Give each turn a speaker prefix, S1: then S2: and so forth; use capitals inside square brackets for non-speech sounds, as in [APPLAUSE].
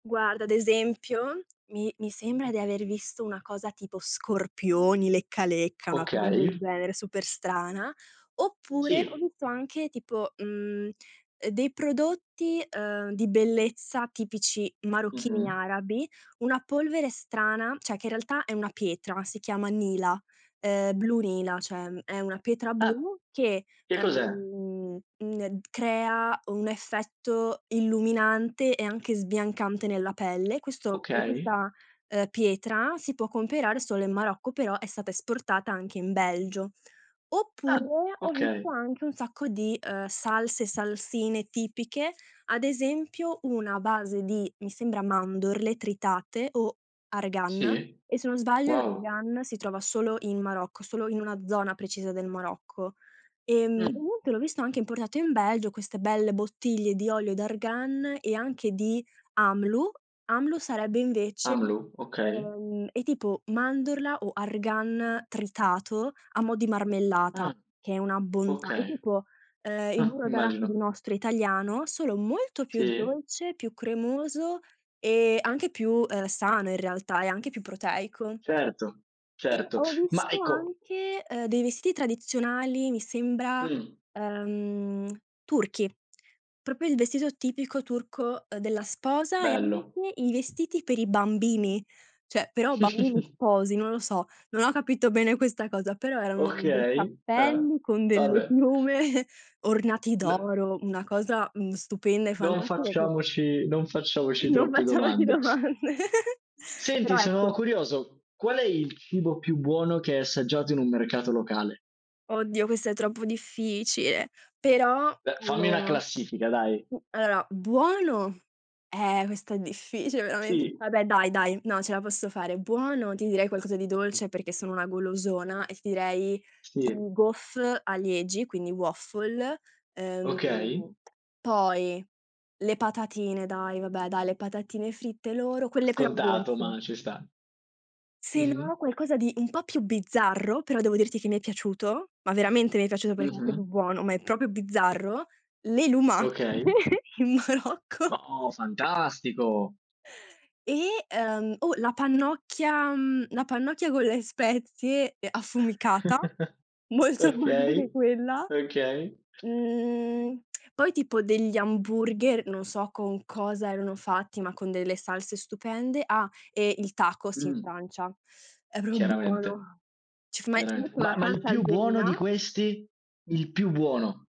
S1: Guarda, ad esempio, mi mi sembra di aver visto una cosa tipo scorpioni, lecca lecca, una cosa del
S2: Okay.
S1: genere super strana. Oppure, ho
S2: Sì.
S1: visto anche tipo, mhmm, uhm, dei prodotti, uhm, di bellezza tipici marocchini
S2: Mh-mh.
S1: arabi, una polvere strana, cioè che in realtà è una pietra, si chiama nila, ehm, blu nila, cioè è una pietra
S2: Ah,
S1: blu che,
S2: che cos'è?
S1: uhm, mhmm, e crea, un effetto illuminante e anche sbiancante nella pelle; questo e
S2: Okay.
S1: questa, uhm, pietra si può comperare solo in Marocco, però è stata esportata anche in Belgio.
S2: Ah,
S1: Oppure, ho visto
S2: okay.
S1: anche un sacco di, uhm, salse, salsine tipiche, ad esempio una base di, mi sembra mandorle tritate o argan,
S2: Sì,
S1: e se non sbaglio
S2: wow.
S1: l'argan si trova solo in Marocco, solo in una zona precisa del Marocco. Ehm,
S2: Mh.
S1: inoltre l'ho visto anche importato in Belgio, queste belle bottiglie di olio d'argan e anche di Amlou; Amlou sarebbe invece
S2: Amlou, okay.
S1: ehm, è tipo mandorla o argan tritato a mo' di marmellata,
S2: Ah.
S1: che è una bontà, è
S2: Okay.
S1: tipo, ehm, il
S2: Uhm,
S1: burro d'arachidi
S2: immagino.
S1: nostro, italiano, solo molto più
S2: Sì?
S1: dolce, più cremoso e anche più, uhm, sano in realtà, e anche più proteico.
S2: Certo,
S1: E
S2: certo.
S1: ho
S2: Ma
S1: visto
S2: ecco
S1: anche, ehm, dei vestiti tradizionali, mi sembra,
S2: Mh.
S1: ehm, turchi. Proprio il vestito tipico turco della sposa, e
S2: Bello.
S1: anche i vestiti per i bambini, cioè però bambini
S2: [CHUCKLES]
S1: sposi, non lo so, non ho capito bene questa cosa, però erano dei
S2: Okay, uhm,
S1: cappelli con delle
S2: vabbè.
S1: piume, ornati
S2: L
S1: d'oro, una cosa, mhmm, stupenda e
S2: Non
S1: fantastica che
S2: facciamoci non
S1: E
S2: facciamoci
S1: non
S2: troppe
S1: facciamoci
S2: domande.
S1: domande. [CHUCKLES]
S2: Senti,
S1: Però
S2: sono
S1: ecco
S2: curioso, qual è il cibo più buono che hai assaggiato in un mercato locale?
S1: Oddio, questo è troppo difficile, però
S2: Beh, fammi una
S1: allora mhmm,
S2: classifica dai.
S1: allora, buono eh, questa è difficile veramen
S2: Sì.
S1: vabbè dai, dai, no, ce la posso fare; buono, ti direi qualcosa di dolce, perché sono una golosona, e direi i
S2: Sì.
S1: gaufre a Liegi, quindi waffle.
S2: Okay.
S1: Ehm, poi le patatine dai vabbè dai, le patatine fritte loro, quelle però
S2: Scontato,
S1: dolci.
S2: ma ci sta.
S1: Se
S2: Mh-mh.
S1: no, qualcosa di un po' più bizzarro, però devo dirti che mi è piaciuto, ma veramente mi è piaciuto, perché era proprio
S2: Mh-mh.
S1: buono, ma è proprio bizzarro, le lumache
S2: Okay.
S1: in Marocco.
S2: Oh, fantastico.
S1: E, ehm, o la pannocchia mhmm, la pannocchia con le spezie, ehm, affumicata,
S2: [CHUCKLES]
S1: molto buona anche
S2: Okay,
S1: quella.
S2: okay.
S1: Mhmm, [SMACKS LIPS] poi tipo degli hamburger, non so con cosa erano fatti, ma con delle salse stupende, ah, e il tacos in
S2: Mh.
S1: Francia. È proprio
S2: Chiaramente.
S1: buono. Ci f ma ci
S2: Chiaramente,
S1: mettono
S2: ma
S1: la
S2: ma il
S1: salsa
S2: più buono di
S1: algerina
S2: questi? Il più buono.